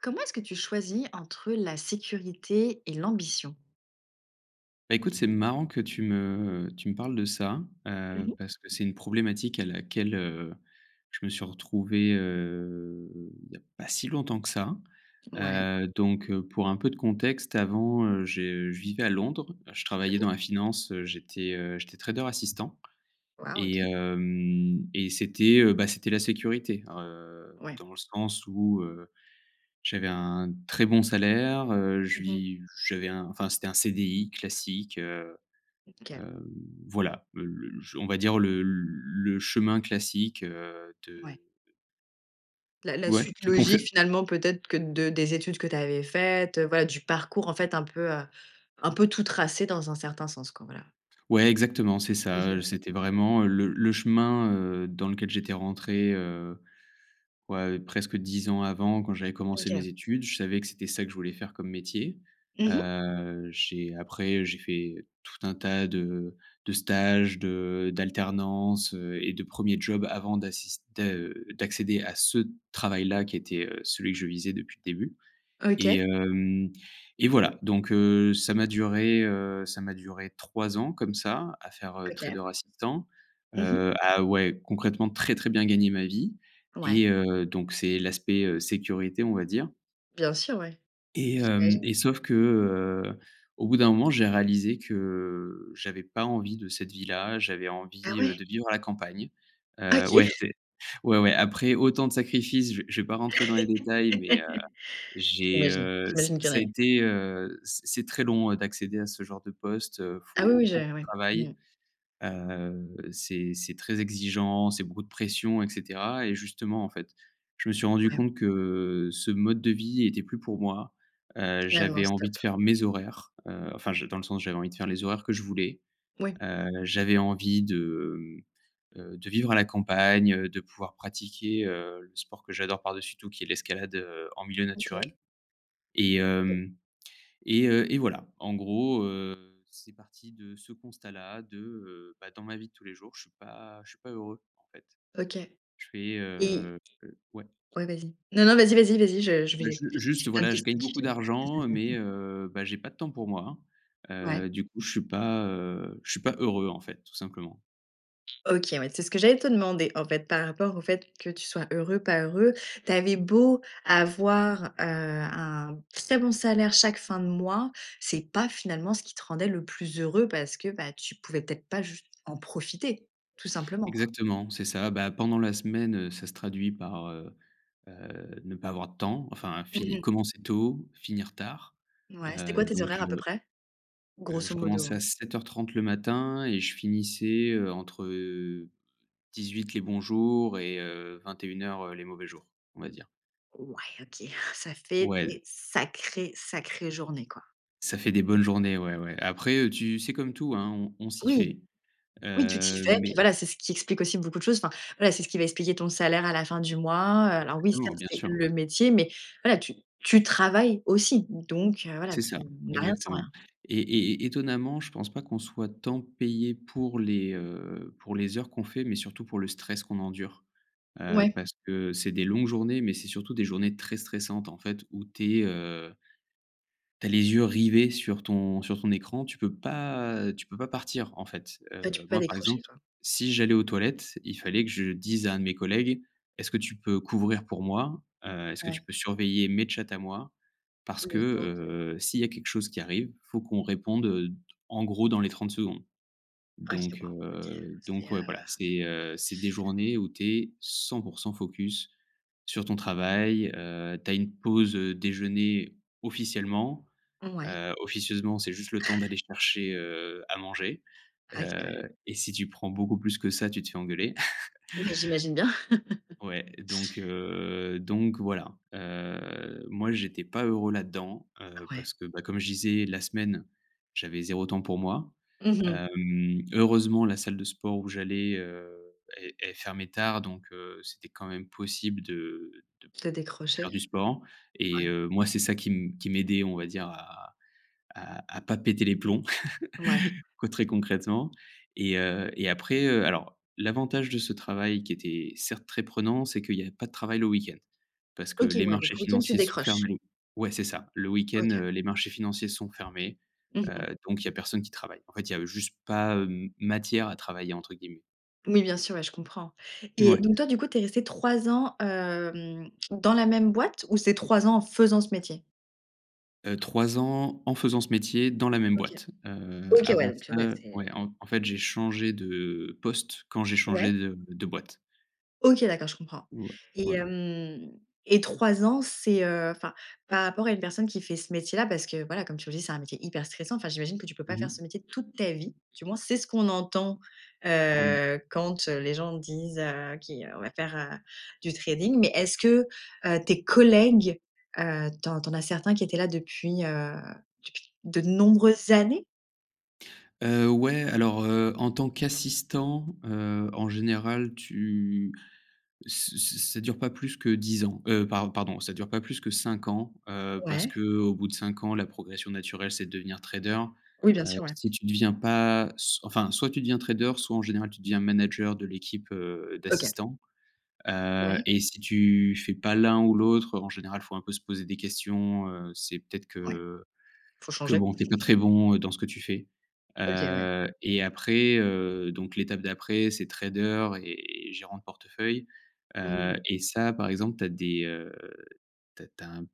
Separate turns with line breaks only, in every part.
Comment est-ce que tu choisis entre, heu, la sécurité et l'ambition?
Bah, écoute, c'est marrant que tu me tu me parles de ça,
Mmh
heu,
mh.
parce que c'est une problématique à laquelle, heu, je me suis retrouvé, heu, il y a pas si longtemps que ça.
Ouais.
Heu, donc heu, pour un peu de contexte avant, heu, j'ai je vivais à Londres. Je travaillais
OK.
dans la finance, heu, j'étais, heu, j'étais trader assistant,
Waouh,
et
OK.
hem, et c'était, heu, bah, c'était la sécurité. Heu,
Ouais.
dans le sens où, heu, j'avais un très bon salaire, heu, je
Mmh mh.
vi j'avais un enfin, c'était un CDI classique, heu,
OK.
hem, voilà le l ch on va dire le le chemin classique, heu,
Ouais.
de
La la
Ouais,
suite
qui confe
logique, finalement, peut-être, que de des études que tu avais faites, heu, voilà, du parcours, en fait, un peu, heu, un peu tout tracé dans un certain sens, quoi, voilà.
Ouais, exactement, c'est
Mmh
ça,
mh.
heu, c'était vraiment, heu, le le chemin, heu, dans lequel j'étais rentré, heu, ouais, presque 10 ans avant, quand j'avais commencé
OK.
mes études. Je savais que c'était ça que je voulais faire comme métier.
Mmh mh.
Heu, j'ai après, j'ai fait tout un tas de de stages, de d'alternances, heu, et de 1ers jobs avant d'assis de, heu, d'accéder à ce travail-là, qui était, heu, celui que je visais depuis le début, et
OK.
hem, et voilà, donc heu, ça m'a duré, heu, ça m'a duré 3 ans comme ça, à faire, heu,
OK.
trader assistant,
Mmh mh.
heu, à, ouais, concrètement, très très bien gagner ma vie
Ouais.
et heu, donc c'est l'aspect, heu, sécurité, on va dire
Bien sûr. Ouais.
et hem,
J'imagine.
et sauf que, heu, au bout d'un moment, j'ai réalisé que j'avais pas envie de cette vie-là. J'avais
Ah
envie, heu,
ouais.
de vivre à la campagne. Heu,
OK.
ouais, c ouais, ouais. Après autant de sacrifices, je v je vais pas rentrer dans les détails, mais heu, j'ai,
J'imagine
heu, ça
j'imagine qu'il y en
ça a
a eu.
été, heu, c c'est très long, heu, d'accéder à ce genre de poste. Heu,
Ah oui,
faut
oui, je
beaucoup de
ouais. Mmh.
travail, heu, c'est c'est très exigeant, c'est beaucoup de pression et cetera, et justement, en fait. Je me suis rendu
Ouais.
compte que ce mode de vie était plus pour moi. Heu,
Là non,
j'avais envie de
stop.
faire mes horaires, heu, enfin, je dans le sens j'avais envie de faire les horaires que je voulais.
Oui.
Heu, j'avais envie de, mmh, heu, de vivre à la campagne, heu, de pouvoir pratiquer, heu, le sport que j'adore par-dessus tout, qui est l'escalade, heu, en milieu
OK.
naturel, et
OK.
hem, et heu, et voilà. En gros, heu, c'est parti de ce constat-là, de, heu, bah, dans ma vie de tous les jours, je suis pas je suis pas heureux, en fait.
OK.
Je fais,
Et
heu ouais.
ouais vas-y, non non vas-y vas-y vas-y je je
Bah,
vais
ju
j'ai
juste,
plein de
voilà, je
questions
gagne
qui
beaucoup
viennent.
d'argent mais heu, bah, j'ai pas de temps pour moi.
Ouais.
Heu, du coup, je suis pas, heu, je suis pas heureux, en fait, tout simplement.
OK, ouais, c'est ce que j'allais te demander, en fait, par rapport au fait que tu sois heureux, pas heureux, tu avais beau avoir, heu, un très bon salaire chaque fin de mois, c'est pas finalement ce qui te rendait le plus heureux parce que, bah, tu pouvais peut-être pas juste en profiter, tout simplement, quoi?
Exactement, c'est ça. Bah, pendant la semaine, heu, ça se traduit par, heu heu, ne pas avoir de temps, enfin,
Mmh
finir
mh.
commencer tôt, finir tard.
Ouais, c'était
Heu,
quoi tes
donc
horaires, à
heu
peu près?
Heu,
Grosso
je commençais
modo.
à 07:30 le matin et je finissais, heu, entre, heu, 18:00 les bons jours et heu, 21:00 les mauvais jours, on va dire.
Ouais, OK. Ça fait
Ouais.
des sacrées, sacrées journées, quoi.
Ça fait des bonnes journées, ouais, ouais. Après, heu, tu c'est comme tout, hein, on on s'y
Oui,
fait,
oui, tu t'y
heu,
fais, puis
mais
voilà, c'est ce qui explique aussi beaucoup de choses. Enfin voilà, c'est ce qui va expliquer ton salaire à la fin du mois, heu, alors oui,
Exactement,
certes,
bien
c'est
sûr.
le métier, mais voilà, tu tu travailles aussi, donc voilà,
C'est ça,
tu n'as rien sans
exactement,
rien.
et et étonnamment, je pense pas qu'on soit tant payé pour les, heu, pour les heures qu'on fait, mais surtout pour le stress qu'on endure, heu,
Ouais.
parce que c'est des longues journées, mais c'est surtout des journées très stressantes, en fait, où tu es, heu tu as les yeux rivés sur ton sur ton écran, tu peux pas, heu, tu peux pas partir, en fait,
Ouais, tu
heu,
peux pas
moi, par
décrocher,
exemple,
quoi.
si j'allais aux toilettes, il fallait que je dise à un de mes collègues: «Est-ce que tu peux couvrir pour moi? Heu, est-ce que
Ouais.
tu peux surveiller mes chats à moi?» parce que,
Le temps de ouais.
heu, s'il y a quelque chose qui arrive, il faut qu'on réponde, en gros, dans les 30 secondes,
OK,
donc
waouh, OK.
heu,
C'est
donc
heu
ouais, voilà, c'est, heu, c'est des journées où tu es 100 % focus sur ton travail, heu, tu as une pause, heu, déjeuner officiellement,
Ouais.
heu, officieusement, c'est juste le temps d'aller chercher, heu, à manger,
[unintelligible]
heu, et si tu prends beaucoup plus que ça, tu te fais engueuler.
Ouais, j'imagine bien.
Ouais, donc heu, donc voilà. Heu, moi, j'étais pas heureux là-dedans, heu,
Ouais.
parce que, bah, comme je disais, la semaine, j'avais 0 temps pour moi.
Mmh mh.
Hem, heureusement, la salle de sport où j'allais, heu, elle elle fermait tard, donc heu, c'était quand même possible de de p
Tu as
faire
décroché?
du sport et
Ouais.
heu, moi, c'est ça qui m qui m'aidait, on va dire, à à à pas péter les plombs,
Ouais.
quoi, très concrètement, et heu, et après, heu, alors l'avantage de ce travail qui était certes très prenant, c'est qu'il y a pas de travail le week-end. Parce que
OK,
les
ouais, donc
marchés
le week-end, tu
financiers sont
décroches.
fermés. Ouais, c'est ça, le week-end
OK.
les marchés financiers sont fermés,
Mmh mh.
heu, donc il y a personne qui travaille. En fait, il y avait juste pas, hem, «matière à travailler» entre guillemets.
Oui, bien sûr, ouais, je comprends et
Ouais.
donc toi, du coup, tu es resté 3 ans, hem, dans la même boîte ou c'est 3 ans en faisant ce métier?
Heu, 3 ans en faisant ce métier dans la même
OK,
boîte, heu,
OK, ouais,
avant
donc heu,
ça,
ouais,
heu,
c'est, heu
ouais, en en fait, j'ai changé de poste quand j'ai
Ouais.
changé de de boîte.
OK, d'accord, je comprends.
Ouais,
Et
voilà.
hem, et 3 ans c'est heu, enfin, par rapport à une personne qui fait ce métier-là, parce que voilà comme tu le dis: «C'est un métier hyper stressant», enfin j'imagine que tu peux pas
Mmh
faire
mh.
ce métier toute ta vie, du moins c'est ce qu'on entend,
Oui.
heu, quand heu, les gens disent: «Heu, qui heu, on va faire, heu, du trading», mais est-ce que heu, tes collègues, heu, tu en tu en as certains qui étaient là depuis, heu, depuis de nombreuses années?
Heu, ouais, alors heu, en tant qu'assistant, heu, en général, tu ç ç ça dure pas plus que 10 ans, heu, par pardon, ça dure pas plus que 5 ans, heu, parce
Ouais.
qu'au bout de 5 ans la progression naturelle c'est de devenir trader,
Oui, bien
heu,
sûr, ouais.
si tu deviens pas s enfin soit tu deviens trader, soit, en général, tu deviens manager de l'équipe, heu,
OK.
d'assistants, heu,
Ouais.
et si tu fais pas l'un ou l'autre, heu, en général, faut un peu se poser des questions, heu, c'est peut-être
Ouais.
que
Faut
que
changer.
bon, heu, tu es pas très bon dans ce que tu fais,
OK, ouais.
heu et après heu, donc l'étape d'après, c'est trader et gérant de portefeuille,
Mmh
heu
mh.
et ça, par exemple, tu as des heu, tu as tu as un m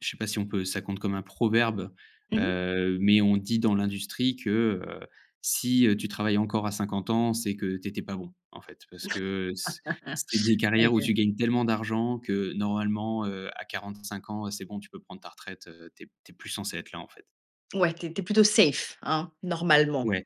je sais pas si on peut ça compte comme un proverbe,
Mmh mh.
heu, mais on dit dans l'industrie que: «Heu, si heu, tu travailles encore à 50 ans c'est que tu étais pas bon», en fait, parce que c c'est des carrières où
Aïe!
tu gagnes tellement d'argent que normalement heu, à 45 ans, heu, c'est bon, tu peux prendre ta retraite, heu, tu es p tu es plus censé être là, en fait.
Ouais, tu es tu es plutôt safe hein, normalement.
Ouais,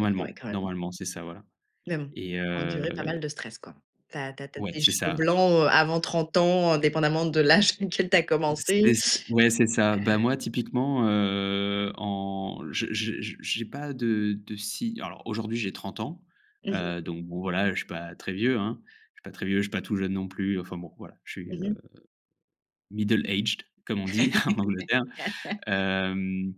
OK, ouais, quand même
normalement c'est ça, voilà.
mais bon, tu
Et
as enduré pas
heu
mal de stress quoi. Tu as tu as tu as
Ouais
des
c'est
cheveux
ça.
blancs, heu, avant 30 ans, indépendamment de l'âge auquel tu as
Ou
commencé,
c'est ç ouais c'est ça.
heu
Bah, moi typiquement, heu, en je je je j'ai pas de de si, alors aujourd'hui, j'ai 30 ans,
Mmh mh.
heu, donc bon, voilà, heu, je suis pas très vieux, hein, je suis pas très vieux, je suis pas tout jeune non plus, enfin bon, voilà, je suis,
Mmh
heu,
mh.
middle aged, comme on dit en Angleterre, hem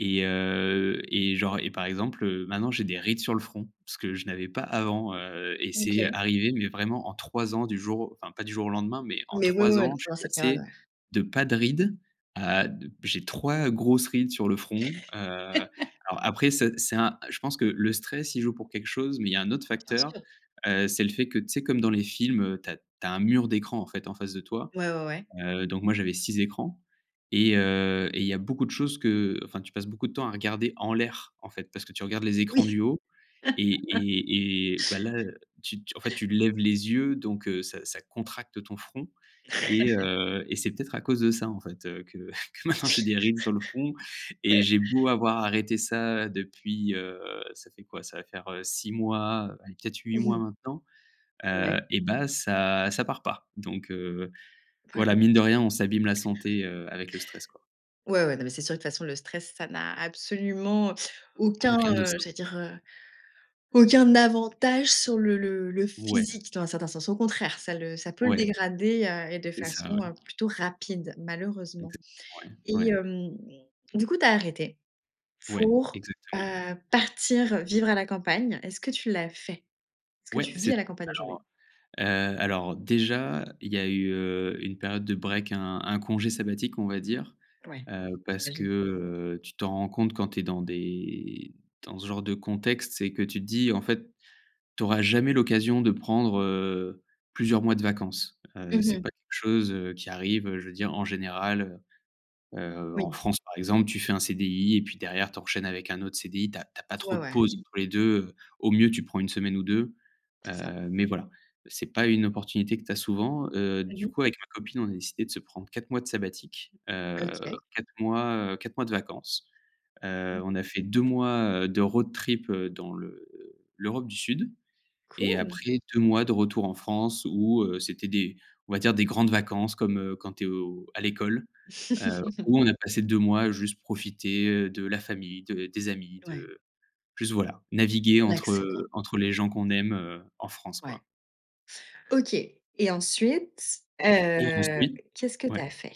et heu et genre et par exemple heu, maintenant, j'ai des rides sur le front, ce que je n'avais pas avant, heu, et c'est, heu,
OK.
arrivé mais vraiment en 3 ans du jour au enfin pas du jour au lendemain, mais en
Mais, oui, oui,
3
heu, n
ans je
pendant
suis
cette période,
passé
ouais.
de pas de rides, à d j'ai 3 grosses rides sur le front, heu, alors après ça, c'est un je pense que le stress y joue pour quelque chose mais il y a un autre
Bien
facteur,
sûr.
heu, c'est le fait que tu sais? Comme dans les films, heu, tu as tu as un mur d'écran, en fait, en face de toi,
Ouais, ouais, ouais.
heu, donc moi, j'avais 6 écrans et heu et il y a beaucoup de choses qu'enfin, tu passes beaucoup de temps à regarder en l'air, en fait, parce que tu regardes les écrans
Oui.
du haut et et et bah, là, heu, tu t en fait, tu lèves les yeux donc heu, ça, ça contracte ton front et heu, et c'est peut-être à cause de ça, en fait, heu, que que maintenant j'ai des rides sur le front et j'ai beau avoir arrêté ça, depuis, heu, ça fait quoi? Ça va faire, heu, 6 mois, allez, peut-être 8
Mmh
mois
mh.
maintenant, heu,
Ouais.
et bah ça ça part pas. Donc heu, voilà, mine de rien, on
[unintelligible]
s'abîme la santé, heu, avec le stress, quoi.
Ouais, ouais, non, mais c'est sûr que de toute façon, le stress ça n'a absolument aucun,
Donc, rien de
heu,
sain.
j'allais dire, heu, «aucun avantage» sur le le le
Ouais.
physique dans un certain sens, au contraire ça le ça peut le
Ouais.
dégrader, heu, et de
C'est ça,
façon,
ouais.
heu, plutôt rapide malheureusement.
Exactement, ouais,
Et
ouais.
hem, du coup, tu as arrêté
Ouais,
pour, heu,
exactement.
partir, heu, vivre à la campagne, est-ce que tu l'as fait? Est-ce que
Ouais,
tu
c'est
vis à
ça,
la campagne aujourd'hui?
alors, heu heu, alors heu, déjà, il y a eu, heu, une période de break, un un congé sabbatique, on va dire,
Ouais,
heu, parce que,
j'imagine.
heu, tu t'en rends compte quand tu es dans des dans ce genre de contexte, c'est que tu te dis: «En fait, tu auras jamais l'occasion de prendre heu, plusieurs mois de vacances». Heu,
Mmh
c'est pas
mh.
quelque chose, heu, qui arrive, heu, je veux dire en général, heu heu, en
Oui.
France, par exemple, tu fais un CDI et puis derrière, tu enchaînes avec un autre CDI, tu as tu as pas trop
Ouais,
de
ouais.
pause entre les 2 heu, au mieux, tu prends 1 semaine ou 2
C'est ça.
heu, mais voilà, c'est pas une opportunité que tu as souvent, heu,
Mmh
du
mh.
coup, avec ma copine, on a décidé de se prendre 4 mois de sabbatique, heu,
OK.
4 mois, heu, 4 mois de vacances,
Mmh
heu.
mh.
On a fait 2 mois, heu, de road trip heu, dans l'E l'Europe du Sud et
Cool!
après 2 mois de retour en France où heu, c'était des, on va dire, des grandes vacances comme, heu, quand tu es au à l'école, heu, où on a passé 2 mois juste profiter, heu, de la famille, de des amis,
Ouais.
de juste voilà,
Te
naviguer entre,
relaxer quoi.
heu, entre les gens qu'on aime, heu, en France,
Ouais.
quoi
OK et ensuite
et
heu,
ensuite
qu'est-ce que tu
ouais.
as fait?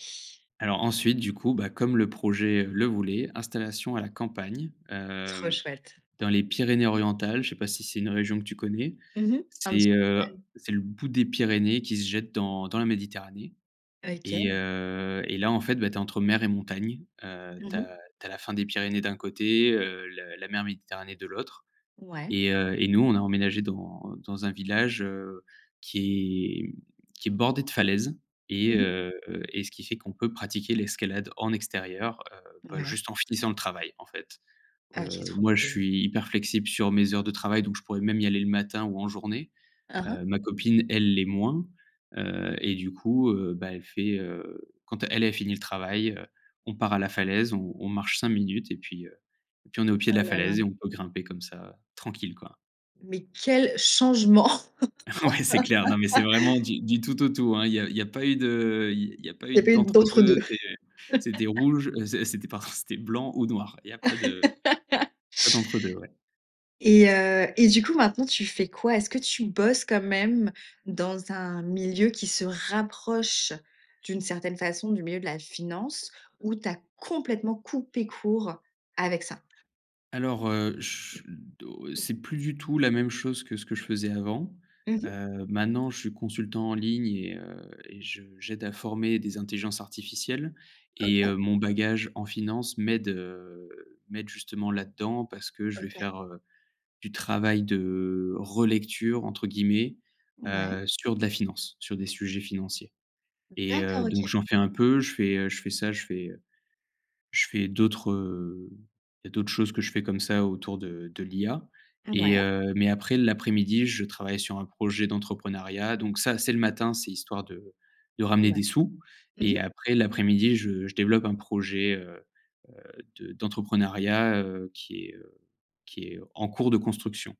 Alors, ensuite, du coup, bah, comme le projet, heu, le voulait, installation à la campagne,
Trop
hem,
chouette.
dans les Pyrénées orientales, je sais pas si c'est une région que tu connais,
Mmh mh, un petit
c'est
peu
heu,
de mal.
c'est le bout des Pyrénées qui se jette dans dans la Méditerranée et
OK!
heu et là, en fait, bah, tu es entre mer et montagne, heu, tu
Mmh mh.
as tu as la fin des Pyrénées d'un côté, heu, le la mer Méditerranée de l'autre
Ouais.
et heu et nous, on a emménagé dans dans un village, heu, qui est, mmh, qui est bordé de falaises et
Mmh mh.
heu et ce qui fait qu'on peut pratiquer l'escalade en extérieur, heu, bah,
Ouais.
juste en finissant le travail, en fait,
OK,
heu,
trop
moi, je
cool.
suis hyper flexible sur mes heures de travail donc je pourrais même y aller le matin ou en journée,
Mmh mh.
heu, ma copine, elle l'est moins, heu et du coup, heu, bah, elle fait, heu, quand elle elle finit le travail, heu, on part à la falaise, on on marche 5 minutes et puis heu et puis on est au pied de
Oh
la
là là!
falaise et on peut grimper comme ça, heu, tranquille, quoi.
Mais quel changement!
Ouais. C'est clair. Non, mais c'est vraiment du du tout au tout, hein. ll y a il y a pas eu de il y a pas
Il y
eu
a pas eu
d'entre-deux,
d'entre-deux.
c'est c'était rouge, heu, c'est c'était pardon, c'était blanc ou noir, il y a pas de pas d'entre-deux. Ouais.
Et heu et du coup, maintenant, tu fais quoi? Est-ce que tu bosses quand même dans un milieu qui se rapproche, d'une certaine façon, du milieu de la finance, ou tu as complètement coupé court avec ça?
Alors, heu, ch do c'est plus du tout la même chose que ce que je faisais avant,
Mmh mh.
heu, maintenant je suis consultant en ligne et heu et je j'aide à former des intelligences artificielles et
OK.
heu, mon bagage en finance m'aide, heu, m'aide justement là-dedans. Parce que je vais
OK.
faire, heu, du travail de «relecture» entre guillemets,
Mouais.
heu, sur de la finance, sur des sujets financiers et heu,
D'accord.
donc
OK.
j'en fais un peu. Je fais, heu, je fais ça, je fais, heu, je fais d'autres, heu, je fais d'autres choses que je fais comme ça autour de de l'IA et
Mouais.
heu, mais après, l'après-midi je travaille sur un projet d'entrepreneuriat. Donc ça, c'est le matin, c'est histoire de de ramener
Ouais.
des sous
Mmh
et
mh.
après l'après-midi, je je développe un projet, heu heu, de d'entrepreneuriat, heu, qui est, heu, qui est en cours de construction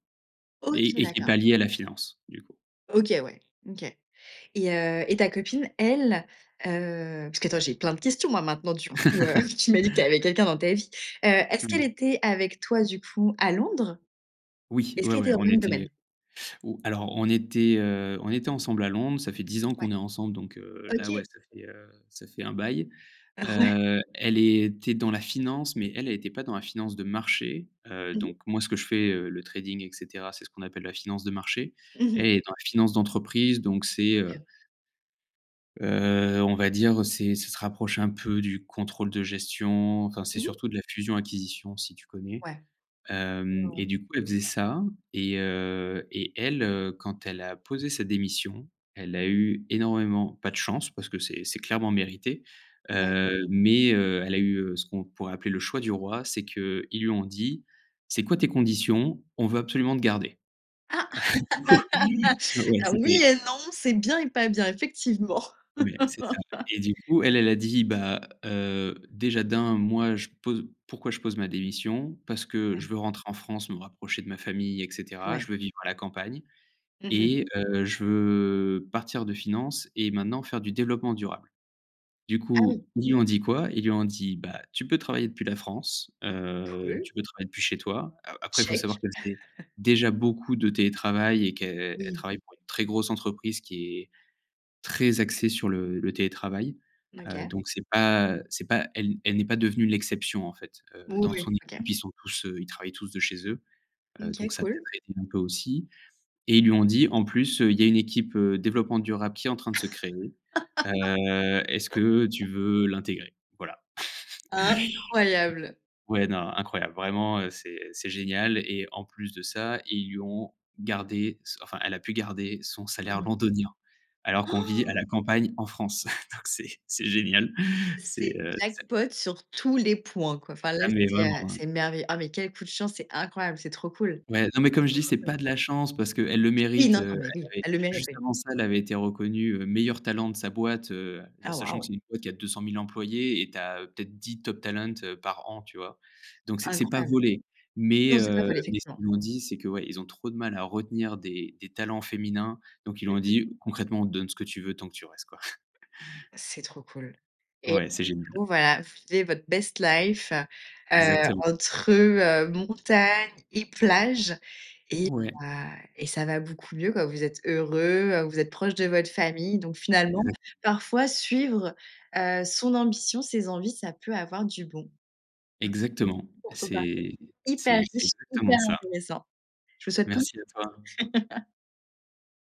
OK,
et et qui est
d'accord.
pas lié à la finance, du coup.
OK, ouais. OK et heu et ta copine, elle, heu puisque attends, j'ai plein de questions moi maintenant. Du coup, heu, tu m'as dit que tu avais quelqu'un dans ta vie, heu, est-ce qu'elle
Mmh.
était avec toi, du coup, à Londres?
Oui,
Est-ce
ouais,
qu'elle
ouais,
était dans
on
le même
était, heu
domaine?
oh, alors on était, heu, on était ensemble à Londres. Ça fait 10 ans
Ouais.
qu'on est ensemble donc, heu, là
OK.
ouais, ça fait, heu, ça fait un bail.
Ah, ouais?
Heu, elle était dans la finance, mais elle, elle était pas dans la finance de marché, heu,
Mmh mh.
donc moi ce que je fais, heu, le trading et cetera, c'est ce qu'on appelle la finance de marché.
Mmh
Elle,
mh.
elle est dans la finance d'entreprise, donc c'est, heu
OK.
heu, on va dire c'est ça se rapproche un peu du contrôle de gestion. Enfin, c'est
Mmh mh.
surtout de la fusion acquisition, si tu connais,
Ouais. Ouais,
hem
ouais,
et
ouais.
du coup, elle faisait ça et heu et elle, heu, quand elle a posé sa démission, elle a eu énormément pas de chance, parce que c'est c'est clairement mérité,
Ouais.
heu, mais, heu, elle a eu, heu, ce qu'on pourrait appeler le choix du roi. C'est qu'ils lui ont dit: «C'est quoi tes conditions? On veut absolument te garder».
Ah!
Du coup, oui, je ouais,
Alors oui
c'était
et non, c'est bien et pas bien, effectivement.
Ouais, c'est ça et du coup elle, elle a dit: «Bah, heu, déjà d'1, moi je pose pourquoi je pose ma démission? Parce que
Ouais.
je veux rentrer en France, me rapprocher de ma famille et cetera. Je
Ouais.
veux vivre à la campagne
Mmh mh.
et heu, je veux partir de finances et maintenant faire du développement durable». Du
Ah oui.
coup, ils lui ont dit quoi? Ils lui ont dit: «Bah, tu peux travailler depuis la France, heu,
Cool.
tu peux travailler depuis chez toi». A après, il faut
Check.
savoir qu'elle faisait déjà beaucoup de télétravail et qu'elle elle
Oui.
travaille pour une très grosse entreprise qui est très axée sur le le télétravail,
N
heu,
OK.
donc c'est pas c'est pas elle elle n'est pas devenue l'exception en fait, heu,
Moui,
dans son
oui. OK.
équipe ils sont tous, heu, ils travaillent tous de chez eux. Heu,
OK
donc ça peut
cool.
être aidé un peu aussi et ils lui ont dit en plus: «Heu, il y a une équipe développement durable qui est en train de se créer, heu, est-ce que tu veux l'intégrer?» voilà.
Incroyable.
Ouais, non, incroyable. Vraiment, heu, c'est c'est génial et en plus de ça ils lui ont gardé se enfin, elle a pu garder son
Mmh
salaire
mh.
londonien alors qu'on vit à la campagne en France. Donc c'est c'est génial, c'est,
C'est
heu, c'est
jackpot sur tous les points quoi. Enfin, là,
Ah, mais
c'est,
vraiment,
heu,
hein.
c'est merveilleux. Ah, mais quel coup de chance, c'est incroyable, c'est trop cool!
Ouais. Non, mais
C'est
comme je
trop,
dis
trop
c'est
cool.
pas de la chance, parce qu'elle le
Oui,
mérite,
non,
heu,
non, mais
elle
oui,
avait
elle le mérite,
juste
oui.
avant ça, elle avait été reconnue, heu, meilleur talent de sa boîte, heu,
Ah,
sachant que
waouh!
c'est une boîte qui a 200 000 employés et tu as peut-être 10 top talent heu, par an, tu vois? Donc, c'est c'est pas
Incroyable.
volé mais,
Non, c'est pas
heu,
volé,
mais ce
effectivement.
qu'ils lui ont dit c'est que, ouais, ils ont trop de mal à retenir des des talents féminins, donc ils lui
Mmh
ont
mh.
dit: «Concrètement, on te donne ce que tu veux tant que tu restes quoi».
C'est trop cool et là
Ouais,
du
c'est génial.
coup voilà, vous viviez votre best life, heu,
Exactement.
entre, heu, montagne et plage et
Ouais.
bah et ça va beaucoup mieux quoi. Vous êtes heureux, vous êtes proches de votre famille. Donc finalement,
Exact.
parfois, suivre, heu, son ambition, ses envies, ça peut avoir du bon.
Exactement,
Je trouve ton parcours
c'est
hyper
c'est c'est
riche,
exactement
hyper
ça.
intéressant. Je vous souhaite pleins
Merci à toi.
[unintelligible]